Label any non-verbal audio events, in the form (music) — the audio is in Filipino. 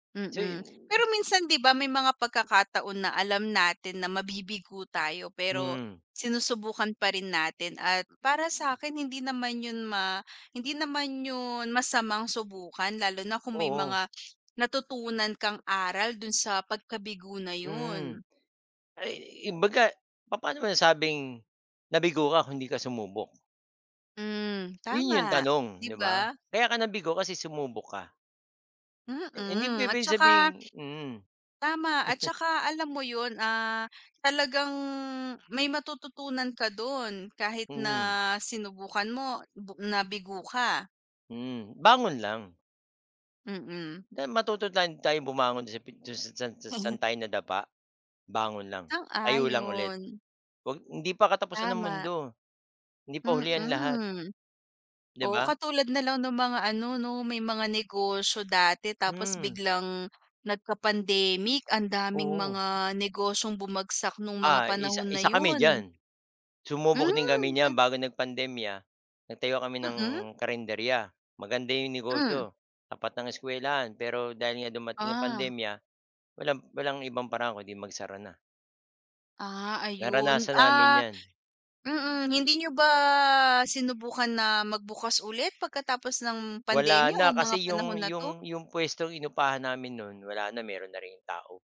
So, Mm. Pero 'yon. minsan 'di ba? May mga pagkakataon na alam natin na mabibigo tayo, pero Hmm. sinusubukan pa rin natin. At para sakin hindi naman yun ma hindi naman yun masamang subukan lalo na kung may Oo. mga natutunan kang aral dun sa pagkabigo na Mm. yun. Ay, yung baga, papaano mo nasabing nabigo ka kung 'di ka sumubok? Hmm, Yun yung tama, tanong, 'di 'di ba? ba? Kaya ka nabigo kasi sumubok ka. Eh, hindi Mm, at pwedeng tsaka sabihing mm. tama, at (chuckles) tsaka alam mo yun, ah, talagang may matututunan ka dun kahit na Mm. sinubukan mo bu nabigo ka. Mm, bangon lang. Mm. Tay matuto tayong tayong bumangon sa pin san sa saan (chuckles) tayo nadapa. Bangon lang. Tayo lang ulit. Sang-ayon. 'Wag hindi pa katapusan ng Tama. mundo. Hindi pa huli ang lahat. Mm. 'Di Oo, ba? katulad na lang ng mga ano, 'no? May mga negosyo dati. Tapos Hmm. biglang nagka-pandemic. Ang daming Oo. mga negosyong bumagsak nung mga Ah, isa panahon na isa kami yun. diyan. Sumubok din Hmm, kami nyan. twen Bago nagpandemya, nagtayo kami ng Mm. karenderiya. Maganda yung Hmm. negosyo, tapat ng eskuwelahan. Pero dahil nga dumating ang Ah. pandemya, walang walang ibang paraan kundi magsara na. Ah, ayun. Naranasan namin Ah, yan. mm, hindi niyo ba sinubukan na magbukas ulit pagkatapos ng Wala pandemiya o na. mga Kasi panahon yung na 'to? yung yung puwestong inupahan namin no'n, wala na, meron na rin yung tao.